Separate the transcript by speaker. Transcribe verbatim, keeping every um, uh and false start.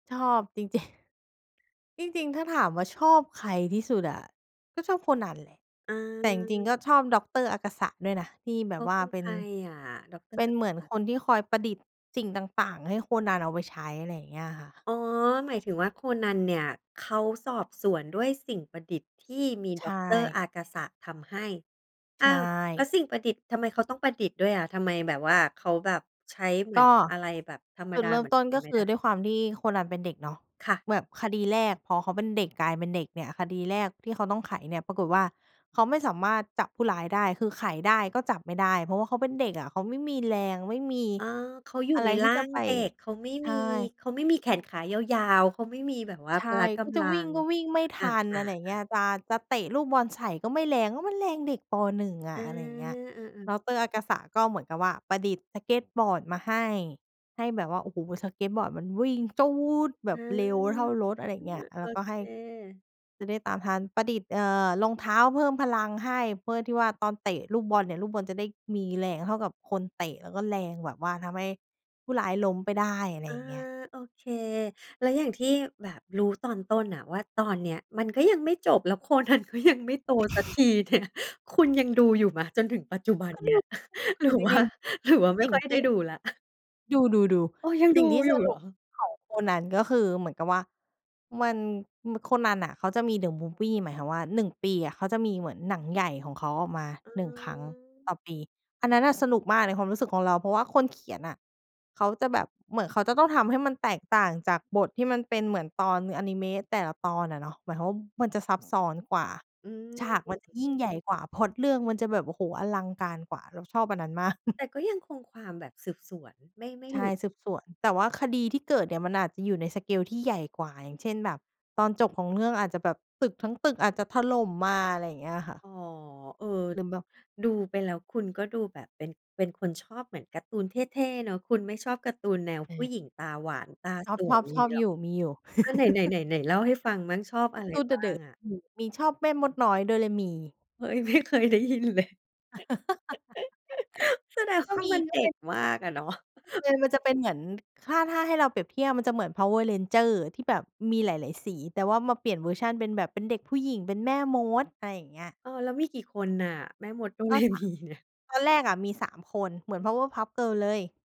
Speaker 1: ชอบจริง จริง จริง ๆ ถ้าถามว่าชอบใครที่สุดอะ? ก็ชอบโคนันแหละ แต่จริง ๆ ก็
Speaker 2: อา
Speaker 1: ชอบดอกเตอร์อากาสะด้วยนะ ที่แบ
Speaker 2: เข
Speaker 1: บ
Speaker 2: า
Speaker 1: ว
Speaker 2: เ
Speaker 1: ่
Speaker 2: ป
Speaker 1: า
Speaker 2: ็น
Speaker 1: เป
Speaker 2: ใค
Speaker 1: ็น
Speaker 2: รอะ ดอกเตอ
Speaker 1: เ
Speaker 2: ร
Speaker 1: ป
Speaker 2: ์
Speaker 1: ็
Speaker 2: อ
Speaker 1: น
Speaker 2: า
Speaker 1: เ
Speaker 2: ก
Speaker 1: หม
Speaker 2: า
Speaker 1: ือน
Speaker 2: สะ?
Speaker 1: คนที่คอยประดิษฐ์สิ่งต่าง ๆ ให้โคนันเอาไว้ใช้ อะไรอย่างเงี้ยค่ะ
Speaker 2: อ๋อ หมายถึงว่าโคนันเนี่ยเขาสอบสวนด้วยสิ่งประดิษฐ์ที่มี
Speaker 1: ใช
Speaker 2: ด็อกเตอร์
Speaker 1: ่
Speaker 2: อากาสะทำให้ อ
Speaker 1: ใช
Speaker 2: ้าว แล้ว
Speaker 1: ่
Speaker 2: สิ่งประดิษฐ์ ทำไมเขาต้องประดิษฐ์ด้วยอะ? ทำไมแบบว่าเขาแบบใช้เหมื
Speaker 1: ก
Speaker 2: อน
Speaker 1: ็
Speaker 2: อะไรแบบธรรม
Speaker 1: จุ
Speaker 2: ด
Speaker 1: ด
Speaker 2: า
Speaker 1: เริ่
Speaker 2: เห
Speaker 1: ม
Speaker 2: มือน
Speaker 1: ต้น
Speaker 2: ค
Speaker 1: ก
Speaker 2: น
Speaker 1: ็
Speaker 2: ไม
Speaker 1: ค
Speaker 2: ่
Speaker 1: ื
Speaker 2: ได
Speaker 1: อ
Speaker 2: ้?
Speaker 1: ด้วยความที่โคนันเป็นเด็กเนาะ
Speaker 2: ค่ะ
Speaker 1: แบบคดีแรกพอเขาเป็นเด็ก กลายเป็นเด็กเนี่ย คดีแรกที่เขาต้องไขเนี่ยปรากฏว่า เขาไม่สามารถจับผู้ร้ายได้ คือไขได้ก็จับไม่ได้ เพราะเขาเป็นเด็กอะ เขาไม่มีแรง ไม่มี
Speaker 2: อ๋อ เขาอยู่
Speaker 1: อะไ
Speaker 2: ใ
Speaker 1: ร
Speaker 2: น
Speaker 1: ท
Speaker 2: ร
Speaker 1: ี
Speaker 2: ่
Speaker 1: ่
Speaker 2: า
Speaker 1: จะ
Speaker 2: ง
Speaker 1: ไป
Speaker 2: เด็ก เขาไม่
Speaker 1: ใช
Speaker 2: มี
Speaker 1: ่
Speaker 2: เขาไม่มีแขนขายาว ๆ เขาไม่มีแบบว่า
Speaker 1: ใช
Speaker 2: พล
Speaker 1: ่
Speaker 2: ะก
Speaker 1: ก็จ
Speaker 2: ำ
Speaker 1: ะ
Speaker 2: ลั
Speaker 1: วิ่ง
Speaker 2: ง
Speaker 1: ก็วิ่งไม่ท
Speaker 2: อ
Speaker 1: ัน อ
Speaker 2: า
Speaker 1: ะไรอย่างเงี้ย
Speaker 2: ๆ ๆ
Speaker 1: จะ จะเตะลูกบอลใส่ก็ไม่แรง เพราะมันแรงเด็ก ป. หนึ่ง อ
Speaker 2: อ
Speaker 1: ะ
Speaker 2: า
Speaker 1: อะไรอย่างเงี้ย
Speaker 2: เออ
Speaker 1: ด
Speaker 2: ๆ
Speaker 1: อกเตอร์อากาสะก็เหมือนกับว่าประดิษฐ์สเกตบอร์ดมาให้ ให้แบบว่า โอ้โฮ สเกตบอร์ดมันวิ่งจู๊ดแบ
Speaker 2: อ
Speaker 1: บ
Speaker 2: า
Speaker 1: เร็วเท่ารถ อะไรอย่างเงี้ย แ
Speaker 2: โ
Speaker 1: ล
Speaker 2: อ
Speaker 1: ้วก็ให
Speaker 2: เ
Speaker 1: ้
Speaker 2: ค
Speaker 1: จะได้ตามทัน ประดิษฐ์ เอ่อ รองเท้าเพิ่มพลังให้ เพื่อที่ว่าตอนเตะลูกบอลเนี่ย ลูกบอลจะได้มีแรงเท่ากับคนเตะ แล้วก็แรงแบบว่าทำให้ผู้ร้ายล้มไปได้ อะไร
Speaker 2: อ
Speaker 1: อ
Speaker 2: า
Speaker 1: ย่างเงี้ย
Speaker 2: โอเค แล้วอย่างที่แบบรู้ตอนต้นน่ะว่า ตอนเนี้ยมันก็ยังไม่จบ แล้ว โคนันก็ยัง ไม่โตสักที เนี่ย คุณยังดูอยู่ไหม จนถึงปัจจุบัน
Speaker 1: ก็
Speaker 2: เ
Speaker 1: ด
Speaker 2: นี้
Speaker 1: ู
Speaker 2: ย
Speaker 1: [unintelligible]
Speaker 2: ห
Speaker 1: ค
Speaker 2: ร
Speaker 1: ื
Speaker 2: ือ
Speaker 1: อจ
Speaker 2: ว่า
Speaker 1: ริง
Speaker 2: หรือว่า ไ
Speaker 1: ๆ
Speaker 2: ม
Speaker 1: ส
Speaker 2: ่
Speaker 1: ิ่
Speaker 2: ค
Speaker 1: ง
Speaker 2: ่อย
Speaker 1: ท
Speaker 2: ได้
Speaker 1: ี่
Speaker 2: ดูแล้ว?
Speaker 1: ดู
Speaker 2: เอ
Speaker 1: ๆ
Speaker 2: อ ยัง
Speaker 1: ๆ ส
Speaker 2: ด
Speaker 1: ิ
Speaker 2: ู
Speaker 1: ่งที่
Speaker 2: อยู
Speaker 1: ส
Speaker 2: ่เ
Speaker 1: ร
Speaker 2: หร
Speaker 1: ุ
Speaker 2: อ?
Speaker 1: ปของโคนัน ก็คือเหมือนกับว่ามัน ม โคนันน่ะ เขาจะมี The Movie หมายความว่า หนึ่ง ปีอะ เขาจะมีเหมือนหนังใหญ่ของเขาออกมา
Speaker 2: อื
Speaker 1: หนึ่ง ครั้งต
Speaker 2: ม
Speaker 1: ่อปี อันนั้นน่ะสนุกมากในความรู้สึกของเรา เพราะว่าคนเขียนอะ เขาจะแบบ เหมือนเขาจะต้องทำให้มันแตกต่างจากบทที่มันเป็นเหมือนตอนอานิเมะแต่ละตอนอะเนาะ หมายความว่ามันจะซับซ้อนกว่า
Speaker 2: อืม
Speaker 1: ฉากมันจะยิ่งใหญ่กว่า พล็อตเรื่องมันจะแบบ โอ้โฮ อลังการกว่า เราชอบอันนั้นมาก
Speaker 2: แต่ก็ยังคงความแบบสืบสวน ไม่ ไม่
Speaker 1: ใช
Speaker 2: หล
Speaker 1: ่
Speaker 2: ุด
Speaker 1: สืบสวน แต่ว่าคดีที่เกิดเนี่ยมันอาจจะอยู่ใน สเกล ที่ใหญ่กว่า อย่างเช่น แบบตอนจบของเรื่อง อาจจะแบบตึกทั้งตึกอาจจะถล่มมา อะไรอย่างเงี้ยค่ะ
Speaker 2: อ๋อ เออ
Speaker 1: หรือแบบ
Speaker 2: ดูไปแล้วคุณก็ดูแบบเป็น เป็นคนชอบเหมือนการ์ตูนเท่ ๆ เนาะ คุณไม่ชอบการ์ตูนแนว
Speaker 1: อื
Speaker 2: ผู้
Speaker 1: ม
Speaker 2: หญิงตาหวาน ตา
Speaker 1: ชอ
Speaker 2: สวย
Speaker 1: บ ๆ
Speaker 2: อ
Speaker 1: ช
Speaker 2: ย่า
Speaker 1: อ
Speaker 2: งงี้
Speaker 1: บ
Speaker 2: เหร
Speaker 1: อ
Speaker 2: อ?
Speaker 1: ยู่ มีอยู่
Speaker 2: อะ ไหน ไหน ไหน ไหนเล่าให้ฟังมั่ง ชอบ
Speaker 1: ก
Speaker 2: อะ
Speaker 1: าร
Speaker 2: ไร
Speaker 1: ์ตูนเ
Speaker 2: บ้า
Speaker 1: ดอ
Speaker 2: ง
Speaker 1: ะ
Speaker 2: อะ?
Speaker 1: ๆ อืม มีชอบแม่มดน้อยโดเรมี
Speaker 2: เฮ้ย ไม่เคยได้ยินเลย แสดง
Speaker 1: ก
Speaker 2: ว
Speaker 1: ็
Speaker 2: ่า
Speaker 1: มี
Speaker 2: มัน
Speaker 1: ก
Speaker 2: เ
Speaker 1: ็
Speaker 2: ด็
Speaker 1: เป็
Speaker 2: ก
Speaker 1: น
Speaker 2: มากอะ เนาะ
Speaker 1: เออ มันจะเป็นเหมือน ถ้า ถ้าให้เราเปรียบเทียบ มันจะเหมือน Power Rangers ที่แบบมีหลาย ๆ สี แต่ว่ามาเปลี่ยนเวอร์ชันเป็นแบบ เป็นเด็กผู้หญิง เป็นแม่มด อะไรอย่างเงี้ย
Speaker 2: เออ แล้วมีกี่คนน่ะ แม่มด โด
Speaker 1: ก
Speaker 2: เ
Speaker 1: ็
Speaker 2: ร
Speaker 1: สา
Speaker 2: มีเนี่ย?
Speaker 1: ตอนแรกอะมี สาม คน เหมือน Powerpuff Girls เลย